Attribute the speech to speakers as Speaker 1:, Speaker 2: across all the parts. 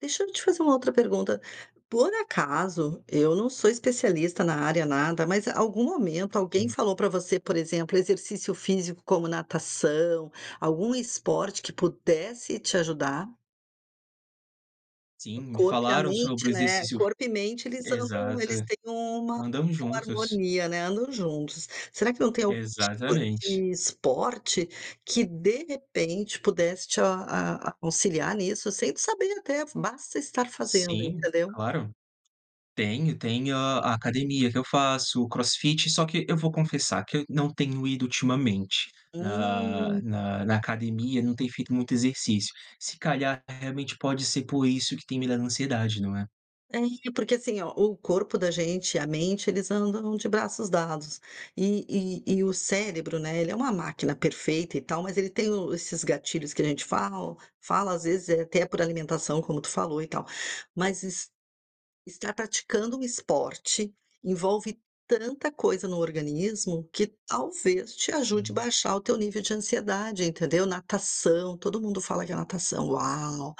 Speaker 1: Deixa eu te fazer uma outra pergunta: Por acaso, eu não sou especialista na área nada, mas algum momento alguém
Speaker 2: Sim.
Speaker 1: falou pra você, por exemplo, exercício físico como natação, algum esporte que pudesse te ajudar?
Speaker 2: Sim,
Speaker 1: O
Speaker 2: me
Speaker 1: corpo e a
Speaker 2: falaram sobre o
Speaker 1: mente, né,
Speaker 2: exercício fi
Speaker 1: corpo e mente eles andam,
Speaker 2: exato,
Speaker 1: eles têm uma
Speaker 2: andam juntos.
Speaker 1: harmonia, né, andam juntos. Será que não tem algum tipo
Speaker 2: Exatamente.
Speaker 1: de esporte, que de repente pudesse te a a auxiliar nisso, sem saber até, basta estar fazendo,
Speaker 2: Sim,
Speaker 1: entendeu?
Speaker 2: claro. Tenho, tenho a academia que eu faço, o crossfit só que, eu vou confessar que eu não tenho ido ultimamente na
Speaker 1: Hum.
Speaker 2: na na academia, não tenho feito muito exercício, se calhar, realmente pode ser por isso que tem me dado ansiedade, não é?
Speaker 1: É, e porque assim ó, o corpo da gente, a mente, eles andam de braços dados e e e o cérebro, né, ele é uma máquina perfeita e tal, mas ele tem o esses gatilhos que a gente fala, fala às vezes até por alimentação como tu falou e tal, mas es estar praticando um esporte, envolve tanta coisa no organismo que talvez te ajude a
Speaker 2: Hum.
Speaker 1: baixar o teu nível de ansiedade, entendeu? Natação, todo mundo fala que a natação, "uau!",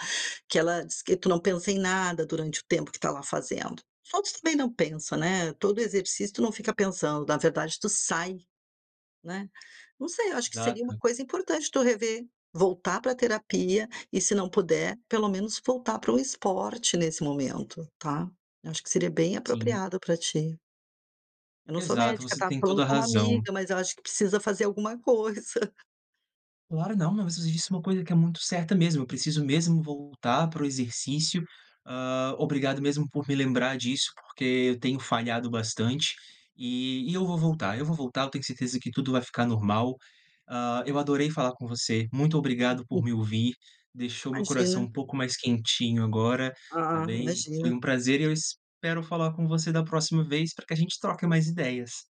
Speaker 1: que ela diz que tu não pensa em nada durante o tempo que está lá fazendo. Outros também não pensam, né. Todo exercício tu não fica pensando, na verdade tu sai, né. Não sei, acho que seria uma
Speaker 2: Exato.
Speaker 1: coisa importante tu rever, voltar pra terapia e se não puder, pelo menos voltar para um esporte nesse momento, tá? Acho que seria bem
Speaker 2: Sim
Speaker 1: apropriado para ti. Eu não sou
Speaker 2: Exato,
Speaker 1: médica,
Speaker 2: você
Speaker 1: tá?
Speaker 2: tem
Speaker 1: Falando
Speaker 2: toda a
Speaker 1: como
Speaker 2: razão.
Speaker 1: amiga, mas eu acho que precisa fazer alguma coisa.
Speaker 2: Claro não, mas você disse uma coisa que é muito certa mesmo, eu preciso mesmo voltar para o exercício, hã, obrigado mesmo por me lembrar disso, porque eu tenho falhado bastante, e e eu vou voltar eu vou voltar, eu tenho certeza que tudo vai ficar normal, hã, eu adorei falar com você, muito obrigado por
Speaker 1: Uhum.
Speaker 2: me ouvir, deixou meu coração
Speaker 1: Imagina.
Speaker 2: um pouco mais quentinho agora, está
Speaker 1: Ah,
Speaker 2: bem?
Speaker 1: imagina.
Speaker 2: Foi um prazer, e eu espero falar com você da próxima vez, para que a gente troque mais ideias.